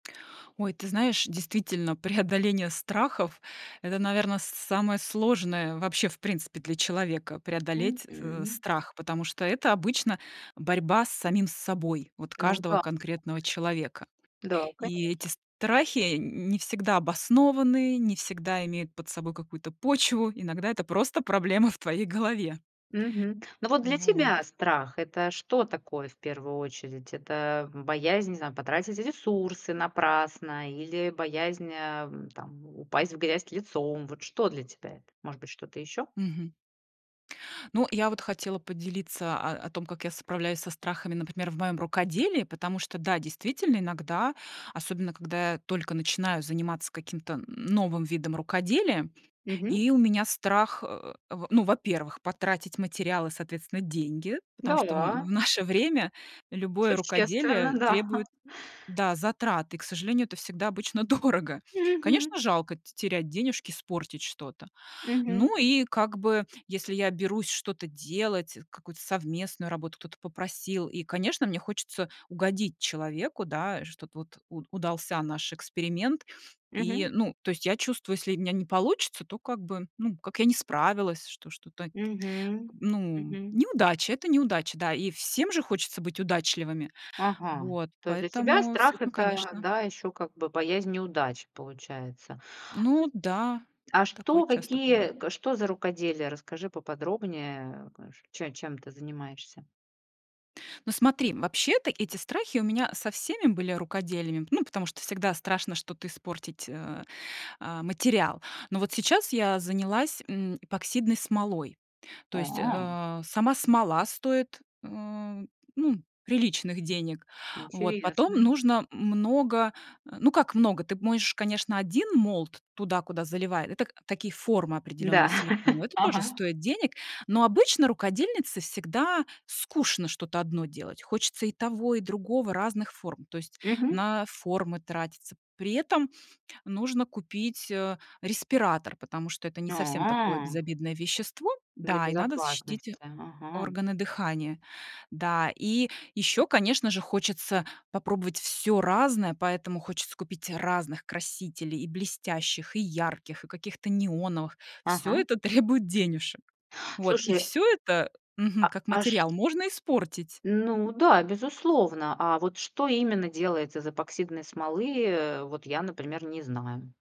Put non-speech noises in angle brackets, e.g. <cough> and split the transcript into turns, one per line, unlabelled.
Ой, ты знаешь, действительно, преодоление страхов- это, наверно, с самое сложное вообще, в принципе, для человека- преодолеть, э,
Мгм.
страх, потому что это обычно борьба с самим собой, вот
Ну
каждого
да.
конкретного человека.
Да,
И
конечно.
эти страхи н не всегда обоснованы, не всегда имеют под собой какую-то почву, иногда это просто проблема в твоей голове.
Мгм. Ну, вот для
Вот.
тебя страх- это что такое в первую очередь? Это боязнь, не знаю, потратить ресурсы напрасно или боязнь, э, там, упасть в грязь лицом? Вот что для тебя это? Может быть, что-то ещё?
Мгм. Ну, я вот хотела поделиться о о том, как я справляюсь со страхами, например, в моём рукоделии, потому что, да, действительно, иногда, особенно когда я только начинаю заниматься каким-то н новым видом рукоделия,
Мгм.
и у меня страх, э, в ну, во-первых, потратить материал и, соответственно, деньги, потому что в на в
Да.
наше время любое
Существенно,
рукоделие
да.
требует, э, да, затрат, и, к сожалению, это всегда обычно дорого.
Мгм.
Конечно, жалко те терять денежки, испортить что-то.
Мгм.
Ну и, как бы, если я берусь что-то делать, э, какую-то совместную работу кто-то попросил, и, конечно, мне хочется угодить человеку, да, что-то вот уд удался наш эксперимент. И,
Мгм.
ну, то есть я чувствую, если у меня не получится, то, как бы, ну, как я не справилась, что что-то, т
Мгм.
ну,
Мгм.
неудача- это неудача, да. И всем же хочется быть удачливыми.
Ага,
Вот,
то есть для тебя
поэтому с
страх-
этим,
это,
конечно.
да, ещё, как бы, боязнь неудач, получается.
Ну да,
А
такое
что,
часто
какие
бывает.
к что за рукоделие? Расскажи поподробнее к э, чем чем ты занимаешься?
Но смотри, вообще-то эти страхи у меня со всеми были рукоделиями, ну, потому что всегда страшно что-то испортить, э, а, материал. Но вот сейчас я занялась, м, эпоксидной смолой, то есть,
А.
э, сама смола стоит, э, ну, приличных денег. Вот. Потом
Интересно.
нужно много Э, ну, как много, ты можешь, конечно, 1 mold туда, куда заливает, это, так такие формы определённые
Да,
силиконовые,
<chuckles>
это тоже
ага.
стоит денег. Но обычно рукодельнице всегда скучно что-то 1 делать, хочется и того, и другого, разных форм, то есть
Мгм.
на формы тратиться. При этом нужно купить, э, респиратор, потому что это не совсем такое
А.
безобидное вещество,
Для
да, и надо защитить
безопасности. Ага.
органы дыхания. Да, и ещё, конечно же, хочется попробовать всё разное, поэтому хочется купить разных красителей, и блестящих, и ярких, и каких-то неоновых. Всё
Ага.
это требует денежек. Вот, и
Слушай.
всё это,
А,
мгм, как
а,
материал
чт
можно испортить. М.
Ну да, безусловно. А вот что именно делается из эпоксидной смолы? Э, вот я, например, не знаю.